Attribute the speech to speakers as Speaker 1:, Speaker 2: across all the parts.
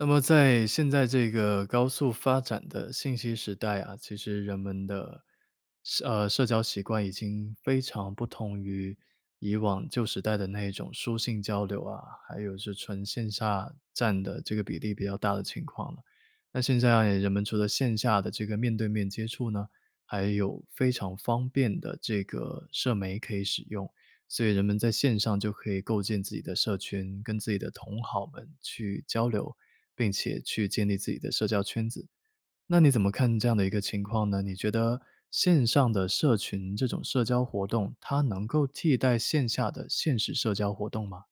Speaker 1: 那么在现在这个高速发展的信息时代啊，其实人们的，社呃，社交习惯已经非常不同于以往旧时代的那一种书信交流啊，还有是纯线下占的这个比例比较大的情况了。那现在人们除了线下的这个面对面接触呢，还有非常方便的这个社媒可以使用，所以人们在线上就可以构建自己的社群，跟自己的同好们去交流，并且去建立自己的社交圈子。那你怎么看这样的一个情况呢？你觉得线上的社群这种社交活动，它能够替代线下的现实社交活动吗？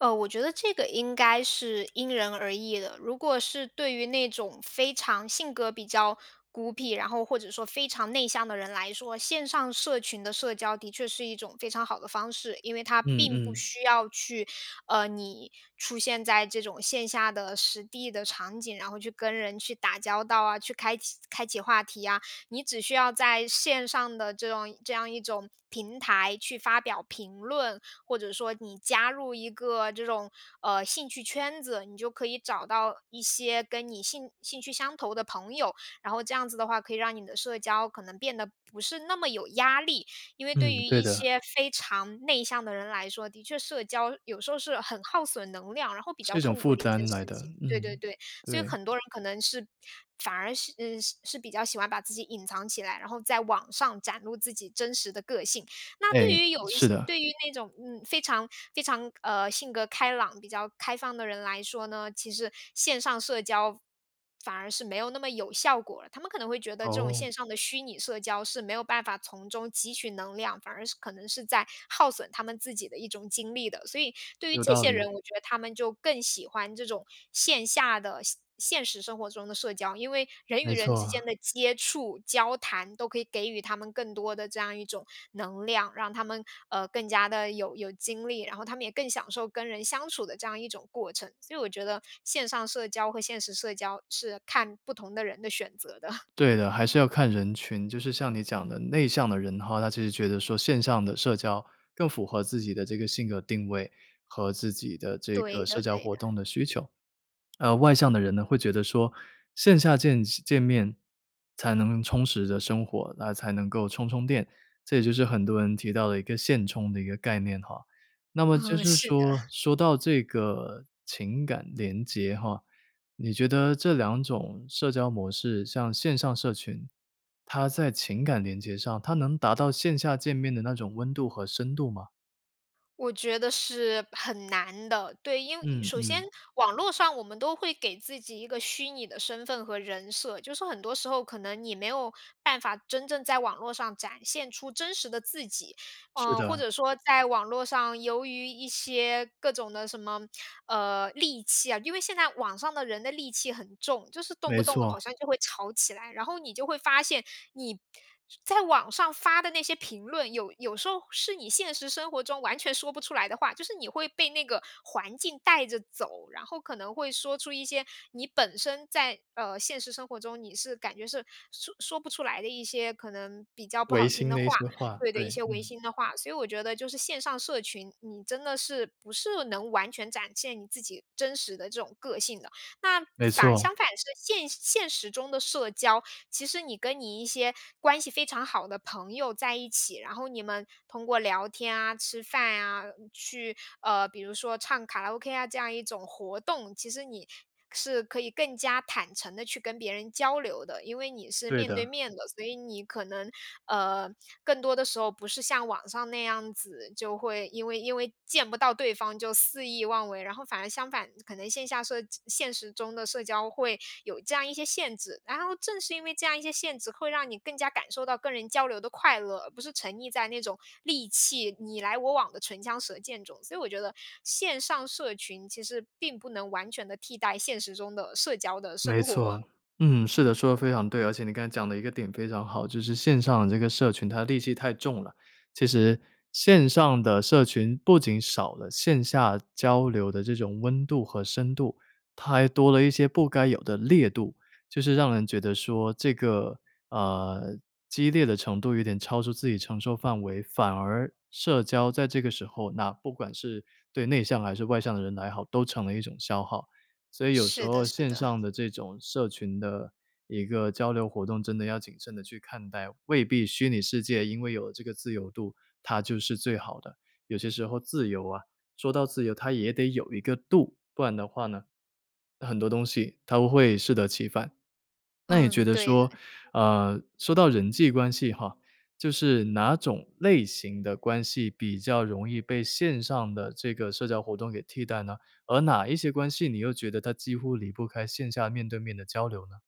Speaker 2: 呃，我觉得这个应该是因人而异的。如果是对于那种非常性格比较孤僻，然后或者说非常内向的人来说，线上社群的社交的确是一种非常好的方式，因为它
Speaker 1: 嗯
Speaker 2: 并不
Speaker 1: 嗯。
Speaker 2: 需要去，呃，你出现在这种线下的实地的场景，然后去跟人去打交道啊，去开启开启话题啊。你只需要在线上的这种这样一种平台去发表评论，或者说你加入一个这种，呃，兴趣圈子，你就可以找到一些跟你兴兴趣相投的朋友，然后这样子的话，可以让你的社交可能变得不是那么有压力。因为对
Speaker 1: 嗯，
Speaker 2: 于
Speaker 1: 对
Speaker 2: 一
Speaker 1: 的，
Speaker 2: 些非常内向的人来说，的确社交有时候是很耗损能量，然后比较
Speaker 1: 是一种
Speaker 2: 痛
Speaker 1: 负
Speaker 2: 苦的一件
Speaker 1: 担
Speaker 2: 事
Speaker 1: 来的，
Speaker 2: 情，对对
Speaker 1: 嗯，
Speaker 2: 对。所以
Speaker 1: 对。
Speaker 2: 很多人可能是，反而是嗯，是比较喜欢把自己隐藏起来，然后在网上展露自己真实的个性，那
Speaker 1: 诶，
Speaker 2: 对于有一
Speaker 1: 是
Speaker 2: 些，
Speaker 1: 的。
Speaker 2: 对于那种，嗯，非常非常，呃，性格开朗，比较开放的人来说呢，其实线上社交反而是没有那么有效果了。他们可能会觉得这种
Speaker 1: 哦。
Speaker 2: 线上的虚拟社交是没有办法从中汲取能量，反而是，可能是在耗损他们自己的一种精力的，所以对于
Speaker 1: 有
Speaker 2: 这
Speaker 1: 道
Speaker 2: 些
Speaker 1: 理。
Speaker 2: 人，我觉得他们就更喜欢这种线下的、现现实生活中的社交。因为人与
Speaker 1: 没
Speaker 2: 人
Speaker 1: 错
Speaker 2: 之间
Speaker 1: 啊。
Speaker 2: 的接触、交谈都可以给予他们更多的这样一种能量，让他们，呃，更加的有有精力，然后他们也更享受跟人相处的这样一种过程。所以我觉得线上社交和现实社交是看不同的人的选择的。
Speaker 1: 对的，还是要看人群。就是像你讲的内向的人的话，他其实觉得说线上的社交更符合自己的这个性格定位和自己的这个
Speaker 2: 对
Speaker 1: 社
Speaker 2: 的
Speaker 1: 交
Speaker 2: 对
Speaker 1: 活
Speaker 2: 的。
Speaker 1: 动的需求。呃，外向的人呢会觉得说线下见见面才能充实着生活，那才能够充充电，这也就是很多人提到的一个现充的一个概念哈。那么就
Speaker 2: 嗯，
Speaker 1: 是
Speaker 2: 是的。
Speaker 1: 说，说到这个情感联结哈，你觉得这两种社交模式像线上社群，它在情感连接上它能达到线下见面的那种温度和深度吗？
Speaker 2: 我觉得是很难的，对，因为
Speaker 1: 嗯，
Speaker 2: 首先
Speaker 1: 嗯。
Speaker 2: 网络上我们都会给自己一个虚拟的身份和人设，就是很多时候可能你没有办法真正在网络上展现出真实的自己。
Speaker 1: 是
Speaker 2: 呃，或
Speaker 1: 的。
Speaker 2: 者说在网络上，由于一些各种的什么，呃，戾气啊，因为现在网上的人的戾气很重，就是动
Speaker 1: 没
Speaker 2: 不动好
Speaker 1: 错。
Speaker 2: 像就会吵起来。然后你就会发现你在网上发的那些评论，有有时候是你现实生活中完全说不出来的话。就是你会被那个环境带着走，然后可能会说出一些你本身在，呃，现实生活中你是感觉是说说不出来的一些可能比较不
Speaker 1: 违
Speaker 2: 好听
Speaker 1: 心
Speaker 2: 的
Speaker 1: 的一
Speaker 2: 话
Speaker 1: 些话，
Speaker 2: 对的，一
Speaker 1: 对，
Speaker 2: 些违
Speaker 1: 嗯。
Speaker 2: 心的话。所以我觉得就是线上社群，你真的是不是能完全展现你自己真实的这种个性的。那
Speaker 1: 没
Speaker 2: 反，
Speaker 1: 错。
Speaker 2: 相反是现现实中的社交，其实你跟你一些关系非常好的朋友在一起。然后你们通过聊天啊，吃饭啊，去，呃，比如说唱卡拉 ok 啊这样一种活动。其实你是可以更加坦诚地去跟别人交流的，因为你是
Speaker 1: 对
Speaker 2: 面对
Speaker 1: 的。
Speaker 2: 面的。所以你可能，呃，更多的时候不是像网上那样子，就会因为因为见不到对方就肆意妄为。然后反而相反，可能线下社现实中的社交会有这样一些限制。然后正是因为这样一些限制，会让你更加感受到跟人交流的快乐，而不是沉溺在那种戾气，你来我往的唇枪舌剑中。所以我觉得线上社群其实并不能完全地替代现实中的社交的
Speaker 1: 没
Speaker 2: 生活，
Speaker 1: 错，嗯，是的，
Speaker 2: 嗯。
Speaker 1: 说的非常对。而且你刚才讲的一个点非常好，就是线上的这个社群它戾气太重了。其实线上的社群不仅少了线下交流的这种温度和深度，它还多了一些不该有的烈度，就是让人觉得说这个，呃，激烈的程度有点超出自己承受范围。反而社交在这个时候，那不管是对内向还是外向的人来好，都成了一种消耗。所以有时
Speaker 2: 是的，
Speaker 1: 候
Speaker 2: 是
Speaker 1: 线
Speaker 2: 的。
Speaker 1: 上的这种社群的一个交流活动，真的要谨慎地去看待。未必虚拟世界因为有这个自由度，它就是最好的。有些时候自由啊说到自由它也得有一个度，不然的话呢，很多东西它会适得其反。那也觉
Speaker 2: 嗯，
Speaker 1: 得
Speaker 2: 对的。
Speaker 1: 说，呃，说到人际关系哈，就是哪种类型的关系比较容易被线上的这个社交活动给替代呢，而哪一些关系你又觉得它几乎离不开线下面对面的交流呢？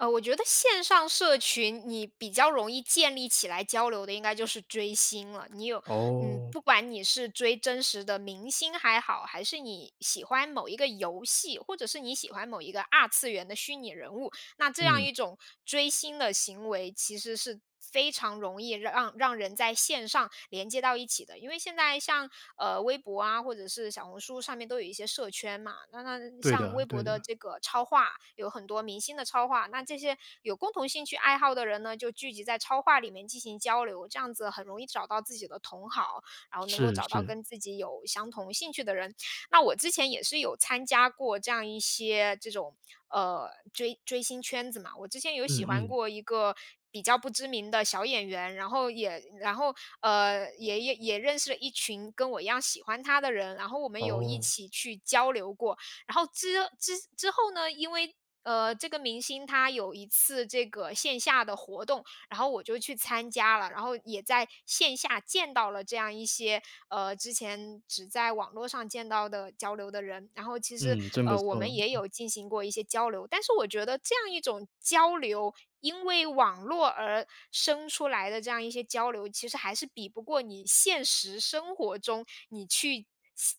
Speaker 2: 呃，我觉得线上社群你比较容易建立起来交流的应该就是追星了。你有嗯，
Speaker 1: 哦。
Speaker 2: 不管你是追真实的明星还好，还是你喜欢某一个游戏，或者是你喜欢某一个二次元的虚拟人物，那这样
Speaker 1: 嗯。
Speaker 2: 一种追星的行为其实是非常容易让让人在线上连接到一起的。因为现在像，呃，微博啊，或者是小红书上面都有一些社圈嘛。那那
Speaker 1: 对
Speaker 2: 像
Speaker 1: 的
Speaker 2: 微博
Speaker 1: 对
Speaker 2: 的
Speaker 1: 的。
Speaker 2: 这个超话，有很多明星的超话，那这些有共同兴趣爱好的人呢，就聚集在超话里面进行交流。这样子很容易找到自己的同好，然后能够
Speaker 1: 是
Speaker 2: 找到
Speaker 1: 是。
Speaker 2: 跟自己有相同兴趣的人。那我之前也是有参加过这样一些这种，呃，追追星圈子嘛，我之前有喜
Speaker 1: 嗯
Speaker 2: 欢
Speaker 1: 嗯。
Speaker 2: 过一个比较不知名的小演员。然后也然后，呃，也也也认识了一群跟我一样喜欢他的人，然后我们有一
Speaker 1: 哦。
Speaker 2: 起去交流过。然后之之之后呢，因为，呃，这个明星他有一次这个线下的活动，然后我就去参加了。然后也在线下见到了这样一些，呃，之前只在网络上见到的交流的人。然后其实，
Speaker 1: 嗯，真不
Speaker 2: 呃，我
Speaker 1: 错。
Speaker 2: 们也
Speaker 1: 嗯。
Speaker 2: 有进行过一些交流。但是我觉得这样一种交流，因为网络而生出来的这样一些交流，其实还是比不过你现实生活中，你去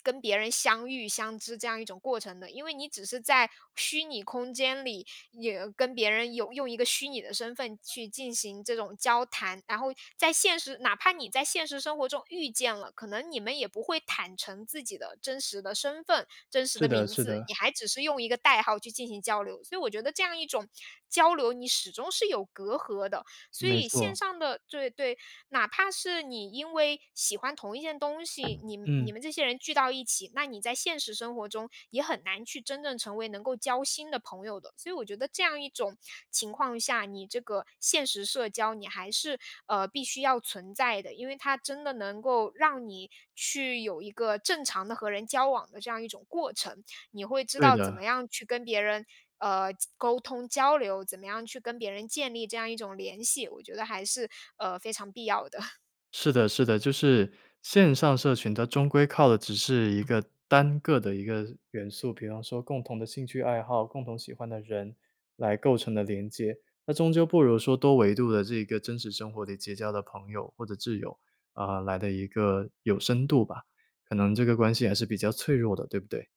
Speaker 2: 跟相别人相遇、相知这样一种过程的。因为你只是在虚拟空间里，有跟别人有用一个虚拟的身份去进行这种交谈。然后在现实哪怕你在现实生活中遇见了，可能你们也不会坦诚自己的真实的身份、真实
Speaker 1: 是
Speaker 2: 的
Speaker 1: 的
Speaker 2: 名
Speaker 1: 是
Speaker 2: 字，你
Speaker 1: 的。
Speaker 2: 还只是用一个代号去进行交流。所以我觉得这样一种交流，你始终是有隔阂的。所
Speaker 1: 没
Speaker 2: 以线
Speaker 1: 错，
Speaker 2: 上的对对，哪怕是你因为喜欢同一件东西，你你
Speaker 1: 嗯。
Speaker 2: 们这些人聚到一起，那你在现实生活中也很难去真正成为能够交心的朋友的。所以我觉得这样一种情况下，你这个现实社交你还是，呃，必须要存在的。因为它真的能够让你去有一个正常地和人交往的这样一种过程。你会知
Speaker 1: 对
Speaker 2: 道怎
Speaker 1: 的。
Speaker 2: 么样去跟别人，呃，交沟通、交流，怎么样去跟别人建立这样一种联系，我觉得还是，呃，非常必要的。
Speaker 1: 是的是的，就是，线上社群它终归靠的只是一个单个的一个元素，比方说共同的兴趣爱好，共同喜欢的人来构成的连接。那终究不如说多维度的这个真实生活里结交的朋友或者挚友，啊，来得一个有深度吧。可能这个关系还是比较脆弱的，对不对？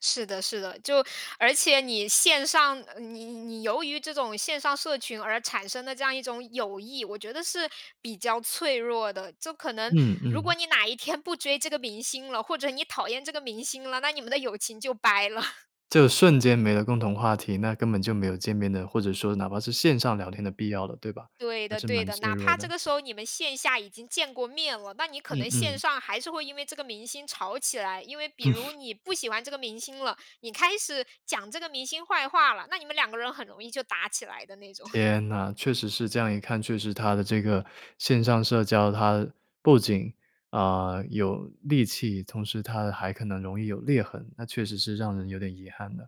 Speaker 2: 是的是的，就而且你线上，呃，你你由于这种线上社群而产生的这样一种友谊，我觉得是比较脆弱的。就可能
Speaker 1: 嗯
Speaker 2: 如果
Speaker 1: 嗯。
Speaker 2: 你哪一天不追这个明星了，或者你讨厌这个明星了，那你们的友情就掰了。
Speaker 1: 就是瞬间没了共同话题，那根本就没有见面的或者说哪怕是线上聊天的必要了，对吧？
Speaker 2: 对
Speaker 1: 还
Speaker 2: 的
Speaker 1: 是
Speaker 2: 对
Speaker 1: 蛮
Speaker 2: 的，
Speaker 1: 脆
Speaker 2: 哪
Speaker 1: 弱
Speaker 2: 怕
Speaker 1: 的。
Speaker 2: 这个时候你们线下已经见过面了，那你可
Speaker 1: 嗯
Speaker 2: 能线
Speaker 1: 嗯。
Speaker 2: 上还是会因为这个明星吵起来。因为比如 你不喜欢这个明星了，你开始讲这个明星坏话了，那你们两个人很容易就打起来的那种。
Speaker 1: 天呐，确实是这样一看，确实它的这个线上社交，它，不仅，啊，有戾气，同时它还可能容易有裂痕，那确实是让人有点遗憾呢。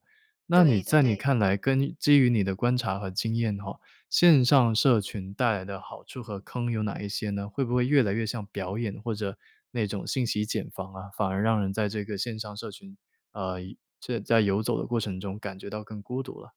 Speaker 1: 那你
Speaker 2: 对的
Speaker 1: 在你
Speaker 2: 对的。
Speaker 1: 看来，根基于你的观察和经验的话，线上社群带来的好处和坑有哪一些呢？会不会越来越像表演，或者，那种信息茧房啊？反而让人在这个线上社群，呃，游这在游走的过程中感觉到更孤独了。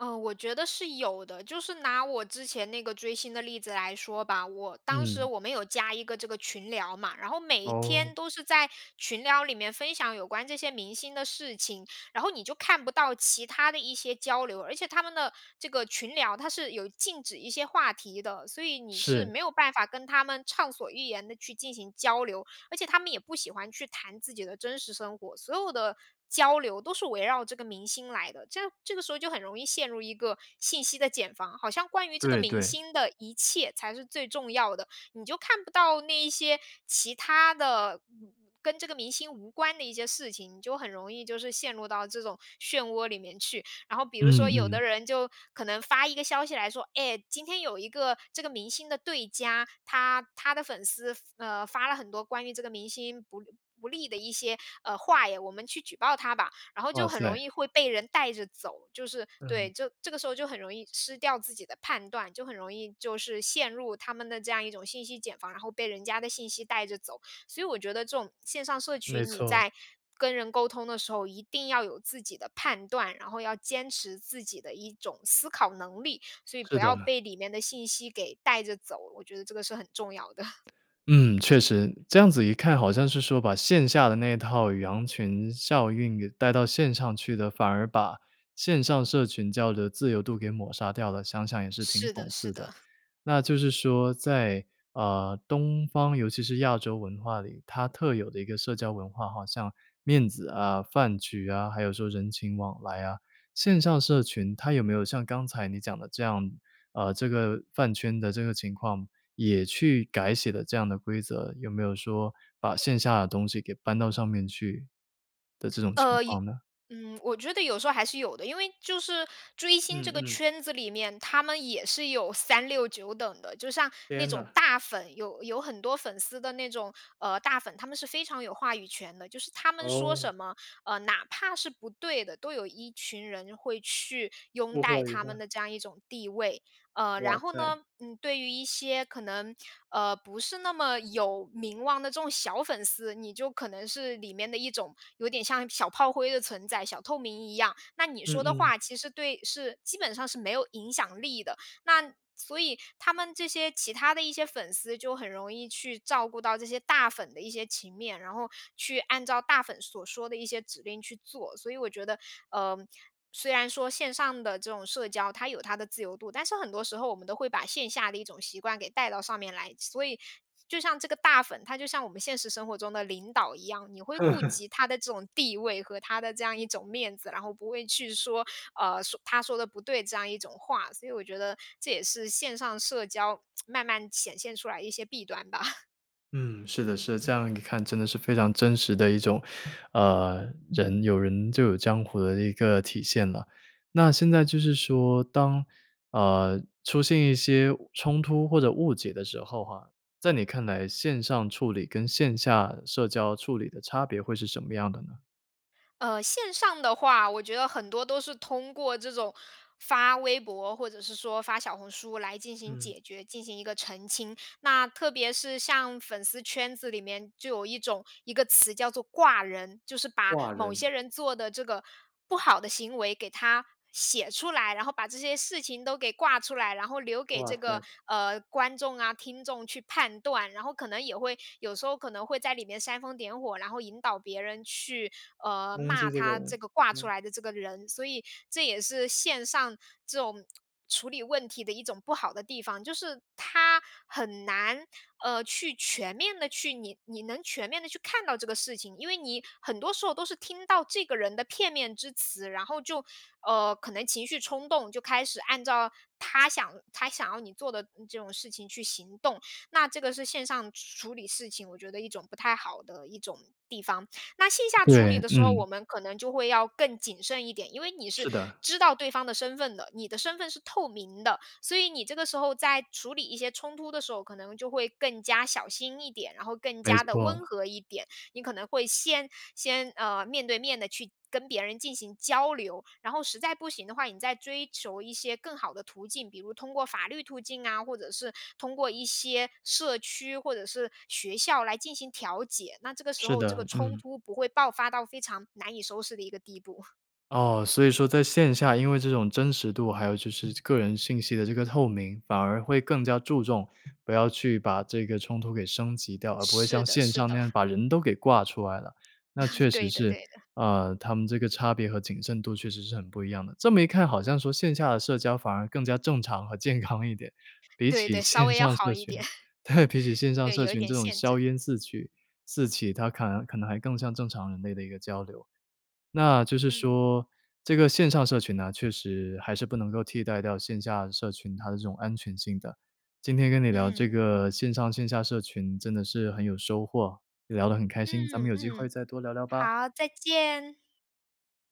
Speaker 2: 呃，我觉得是有的，就是拿我之前那个追星的例子来说吧。我当时
Speaker 1: 嗯。
Speaker 2: 我们有加一个这个群聊嘛，然后每一天
Speaker 1: 哦。
Speaker 2: 都是在群聊里面分享有关这些明星的事情，然后你就看不到其他的一些交流。而且他们的这个群聊，它是有禁止一些话题的，所以你是
Speaker 1: 是。
Speaker 2: 没有办法跟他们畅所欲言地去进行交流。而且他们也不喜欢去谈自己的真实生活，所有的交流都是围绕这个明星来的，这这个时候就很容易陷入一个信息的茧房，好像关于这个
Speaker 1: 对
Speaker 2: 明
Speaker 1: 对。
Speaker 2: 星的一切才是最重要的，你就看不到那一些其他的嗯跟这个明星无关的一些事情，你就很容易就是陷入到这种漩涡里面去。然后比如
Speaker 1: 嗯
Speaker 2: 说，有的
Speaker 1: 嗯。
Speaker 2: 人就可能发一个消息来说：“哎，今天有一个这个明星的对家，他他的粉丝，呃，发了很多关于这个明星不不利的一些，呃，话呀，我们去举报他吧！”然后
Speaker 1: 哇
Speaker 2: 就很容
Speaker 1: 塞。
Speaker 2: 易会被人带着走，就是对，
Speaker 1: 嗯。
Speaker 2: 就这个时候就很容易失掉自己的判断，就很容易就是陷入他们的这样一种信息茧房，然后被人家的信息带着走。所以我觉得这种线上社
Speaker 1: 没
Speaker 2: 群，你
Speaker 1: 错。
Speaker 2: 在跟人沟通的时候，一定要有自己的判断，然后要坚持自己的一种思考能力。所以
Speaker 1: 是
Speaker 2: 不
Speaker 1: 的。
Speaker 2: 要被里面的信息给带着走，我觉得这个是很重要的。
Speaker 1: 嗯，确实，这样子一看好像是说，把线下的那一套羊群效应，给带到线上去的，反而把线上社群交流的自由度给抹杀掉了。想想也是挺
Speaker 2: 是的
Speaker 1: 讽
Speaker 2: 是
Speaker 1: 刺的。
Speaker 2: 的。
Speaker 1: 那就是说在，呃，东方尤其是亚洲文化里，它特有的一个社交文化，好像面子啊、饭局啊，还有说人情往来啊线上社群它有没有像刚才你讲的这样，呃，这个饭圈的这个情况，也去改写了这样的规则，有没有说把线下的东西，给搬到上面去的这种情
Speaker 2: 呃一
Speaker 1: 况呢？
Speaker 2: 嗯，我觉得有时候还是有的，因为就是追星
Speaker 1: 嗯
Speaker 2: 这个
Speaker 1: 嗯。
Speaker 2: 圈子里面，他们也是有三六九等的。就像那
Speaker 1: 天
Speaker 2: 种
Speaker 1: 呐。
Speaker 2: 大粉，有有很多粉丝的那种，呃，大粉，他们是非常有话语权的，就是他们说
Speaker 1: 哦。
Speaker 2: 什么，呃，哪怕是不对的，都有一群人会去拥
Speaker 1: 不合
Speaker 2: 戴
Speaker 1: 理
Speaker 2: 他们
Speaker 1: 的。
Speaker 2: 的这样一种地位。呃，
Speaker 1: 哇
Speaker 2: 然后
Speaker 1: 塞。
Speaker 2: 呢，嗯，对于一些，可能，呃，不是那么有名望的这种小粉丝，你就可能是里面的一种有点像小炮灰的存在，小透明一样。那你
Speaker 1: 嗯
Speaker 2: 说的
Speaker 1: 嗯。
Speaker 2: 话其实对是，基本上是没有影响力的。那所以他们这些其他的一些粉丝，就很容易去照顾到这些大粉的一些情面，然后去按照大粉所说的一些指令去做。所以我觉得，呃，虽然说线上的这种社交它有它的自由度，但是很多时候，我们都会把线下的一种习惯给带到上面来。所以就像这个大粉，他就像我们现实生活中的领导一样，你会顾及他的这种地位，和他的这样一种面子，然后不会去说，呃“他说的不对”这样一种话，所以我觉得这也是线上社交 慢慢显现出来一些弊端吧。
Speaker 1: 嗯，是的是的，这样一看真的是非常真实的一种，呃，人有人就有江湖的一个体现了。那现在就是说当，呃，出现一些冲突或者误解的时候哈，在你看来线上处理跟线下社交处理的差别会是什么样的呢？
Speaker 2: 呃，线上的话，我觉得很多都是通过这种发微博，或者是说发小红书来进行
Speaker 1: 嗯。
Speaker 2: 解决，进行一个澄清。那特别是像粉丝圈子里面就有一种一个词叫做挂人，就是把
Speaker 1: 挂
Speaker 2: 某
Speaker 1: 人？
Speaker 2: 些人做的这个不好的行为给他写出来，然后把这些事情都给挂出来，然后留给
Speaker 1: 哇
Speaker 2: 这个，
Speaker 1: 塞。
Speaker 2: 呃，观众啊、听众去判断，然后可能也会有时候可能会在里面煽风点火，然后引导别人去，呃，
Speaker 1: 攻
Speaker 2: 骂
Speaker 1: 击这个
Speaker 2: 他这
Speaker 1: 人，
Speaker 2: 个挂出
Speaker 1: 嗯。
Speaker 2: 来的这个人。所以这也是线上这种处理问题的一种不好的地方，就是他很难，呃，去全面的去你你能全面地去看到这个事情，因为你很多时候都是听到这个人的片面之词，然后就，呃，可能情绪冲动就开始按照他想他想要你做的这种事情去行动，那这个是线上处理事情我觉得一种不太好的一种地方。那线下处
Speaker 1: 对，
Speaker 2: 理的时候，
Speaker 1: 嗯。
Speaker 2: 我们可能就会要更谨慎一点，因为你是
Speaker 1: 是的。
Speaker 2: 知道对方的身份的，你的身份是透明的，所以你这个时候在处理一些冲突的时候，可能就会更加小心一点，然后更
Speaker 1: 没
Speaker 2: 加地
Speaker 1: 错。
Speaker 2: 温和一点，你可能会先先，呃，面对面的去跟别人进行交流，然后实在不行的话，你再追求一些更好的途径，比如通过法律途径啊，或者是通过一些社区或者是学校来进行调解，那这个时
Speaker 1: 是
Speaker 2: 候这个
Speaker 1: 的，
Speaker 2: 冲
Speaker 1: 嗯。
Speaker 2: 突不会爆发到非常难以收拾的一个地步。
Speaker 1: 哦，所以说在线下，因为这种真实度还有就是个人信息的这个透明，反而会更加注重，不要去把这个冲突给升级掉，而不会
Speaker 2: 是
Speaker 1: 像
Speaker 2: 的
Speaker 1: 线
Speaker 2: 是
Speaker 1: 上那
Speaker 2: 的。
Speaker 1: 样把人都给挂出来了。那 确实
Speaker 2: 对的对
Speaker 1: 是，
Speaker 2: 的。
Speaker 1: 呃，他们这个差别和谨慎度确实是很不一样的。这么一看好像说线下的社交反而更加正常和健康一点，比
Speaker 2: 对
Speaker 1: 起
Speaker 2: 对，稍
Speaker 1: 线
Speaker 2: 微要
Speaker 1: 上
Speaker 2: 好
Speaker 1: 社
Speaker 2: 一点。
Speaker 1: 群，对，
Speaker 2: 嗯，
Speaker 1: 比起线上
Speaker 2: 对，
Speaker 1: 社
Speaker 2: 有一
Speaker 1: 群
Speaker 2: 点
Speaker 1: 这种
Speaker 2: 限
Speaker 1: 硝
Speaker 2: 制。
Speaker 1: 烟四起-四起，它可能可能还更像
Speaker 2: 嗯。
Speaker 1: 正常人类的一个交流。那就是
Speaker 2: 嗯。
Speaker 1: 说这个线上社群呢确实还是不能够替代掉线下社群它的这种安全性的。今天跟你聊这
Speaker 2: 嗯，
Speaker 1: 个
Speaker 2: 嗯。
Speaker 1: 线上线下社群真的是很有收获，也聊得很开心，咱
Speaker 2: 嗯，
Speaker 1: 们有机会
Speaker 2: 嗯。
Speaker 1: 再多聊聊吧。
Speaker 2: 好，再见。